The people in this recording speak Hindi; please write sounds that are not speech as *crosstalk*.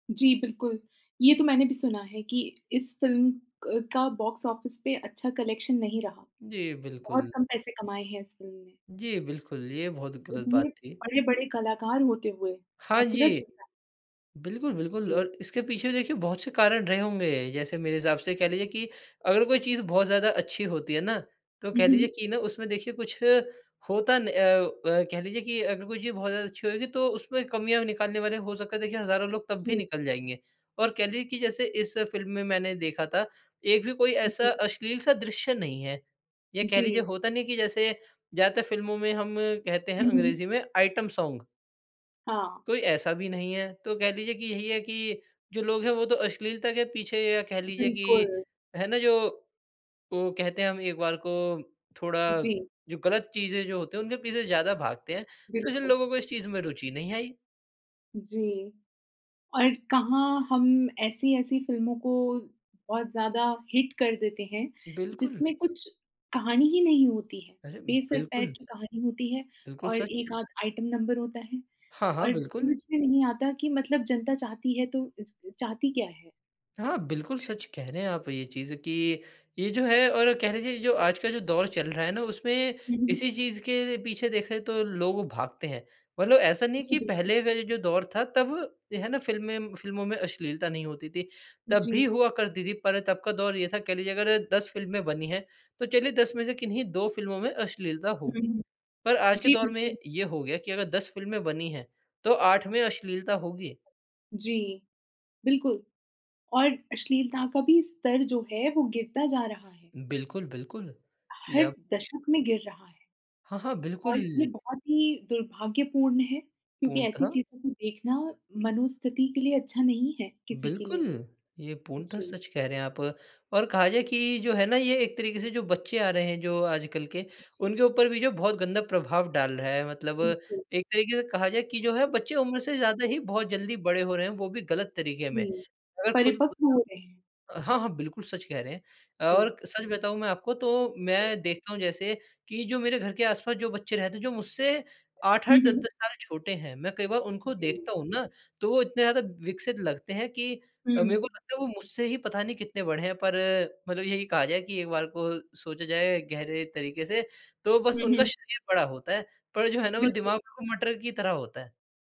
जी, बिल्कुल, ये तो मैंने भी सुना है कि इस फ़िल्म क का बॉक्स ऑफिस पे अच्छा कलेक्शन नहीं रहा। जी, बहुत बिल्कुल। कम पैसे कमाए हैं इस फ़िल्म ने। जी, बिल्कुल ये बहुत गलत इतने बात थी। बड़े-बड़े कलाकार होते हुए, हाँ अचरज जी, होता है। बिल्कुल, बिल्कुल जी। और इसके पीछे देखिए बहुत से कारण रहे होंगे। जैसे मेरे हिसाब से ये कह लीजिए कि अगर कोई चीज़ बहुत ज़्यादा अच्छी होती है ना, तो हुँ, कह लीजिए हुँ। कि ना उसमें देखिए कुछ होता न अ अ, कह लीजिए कि अगर कोई चीज़ बहुत ज़्यादा अच्छी होएगी तो उसमें कमियाँ निकालने वाले हो सकता है देखिए हजारों लोग तब भी जी। निकाल जाएँगे। और कह लीजिए कि जैसे इस फ़िल्म में मैंने देखा था, 1 भी कोई उ, ऐसा जी। अश्लील-सा दृश्य नहीं है या कह लीजिए जी। होता नहीं है कि जैसे, ज़्यादातर फ़िल्मों में हम कहते हैं हुँ, हुँ। अंग्रेजी में आइटम सॉन्ग। हाँ। कोई ऐसा भी नहीं है। तो कह लीजिए कि यही है कि, जो लोग हैं वो तो अश्लीलता के पीछे या कह लीजिए कि, बिल्कुल। है ना? जो ओ, कहते हैं हम एक बार को थोड़ा जी। जो गलत चीज़ें जो होते हैं उनके पीछे ज़्यादा भागते हैं। तो जिन बिल्कुल। लोगों को इस चीज़ में रुचि नहीं आई। जी और कहाँ हम ऐसी-ऐसी फ़िल्मों को बहुत ज़्यादा हिट कर देते हैं, बिल्कुल। जिसमें कुछ कहानी ही नहीं होती है अरे, बे सर-पैर बिल्कुल। की कहानी होती है बिल्कुल और हिट सच। 1 आध आइटम नंबर होता है हाँ, हाँ, और बिल्कुल। समझ में नहीं आता कि मतलब जनता चाहती है तो च चाहती क्या है? हाँ, बिल्कुल सच कह रहे हैं आप ये चीज़ कि ये जो है और कह लीजिए जो आजकल जो दौर चल रहा है ना उसमें हुँ, हुँ, हुँ। इसी चीज़ के पीछे देखें तो लोग भागते हैं। मतलब ऐसा नहीं कि जी, बिल्कुल। पहले का ये जो दौर था तब है ना फ़िल्में फ़िल्मों में अश्लीलता नहीं होती थी। तब भी जी। हुआ करती थी पर तब का दौर ये था कह लीजिए अगर 10 फ़िल्में बनी हैं, तो चलिए 10 में से किन्हीं 2 फ़िल्मों में अश्लीलता हुँ, होगी। हुँ। पर आज के जी, दौर में बिल्कुल। ये हो गया कि अगर 10 फ़िल्में बनी हैं, तो 8 में अश्लीलता होगी। जी, बिल्कुल और अश्लीलता का भी स्तर जो है वो गिरता जा रहा है। बिल्कुल बिल्कुल हर या दशक में गिर रहा है। हाँ, हाँ, और बिल्कुल। ये बहुत ही दुर्भाग्यपूर्ण है, क्योंकि ऐसी पूर्णत:। चीज़ों को देखना मनोस्थिति के लिए अच्छा नहीं है किसी के बिल्कुल, लिए। ये पूर्णत जी। सच कह रे हैं आप और और कहा जाए कि जो है ना ये एक तरीके से जो बच्चे आ रहे हैं जो आजकल के, उ, जी। उनके ऊपर भी जो बहुत गंदा प्रभाव डाल रहा है मतलब बिल्कुल। एक तरीके से कहा जाए कि जो है बच्चे उम्र से ज़्यादा ही बहुत जल्दी बड़े हो रहे हैं वो भी गलत तरीके में। जी, अगर खुद परिपक्व हो रहे हैं। *unintelligible* हाँ, हाँ, बिल्कुल सच कह रे हैं। जी। और सच बताऊँ मैं आपको तो मैं देखता हूँ जैसे कि जो मेरे घर के आस-पास जो बच्चे रहते हैं जो मुझसे आठ हुँ, आठ दस हुँ। दस साल छोटे हैं, मैं कई बार उनको जी। देखता हूँ ना, तो वो इतने ज़्यादा विकसित लगते हैं कि अ, मेरे हुँ। को लगता है वो मुझसे ही पता नहीं कितने बड़े हैं, पर मतलब यही कहा जाए कि एक बार को सोचा जाए गहरे तरीके से, तो बस हुँ, उनका हुँ। शरीर बड़ा होता है। पर जो है ना वो बिल्कुल। दिमाग बिल्कुल मटर की तरह होता है।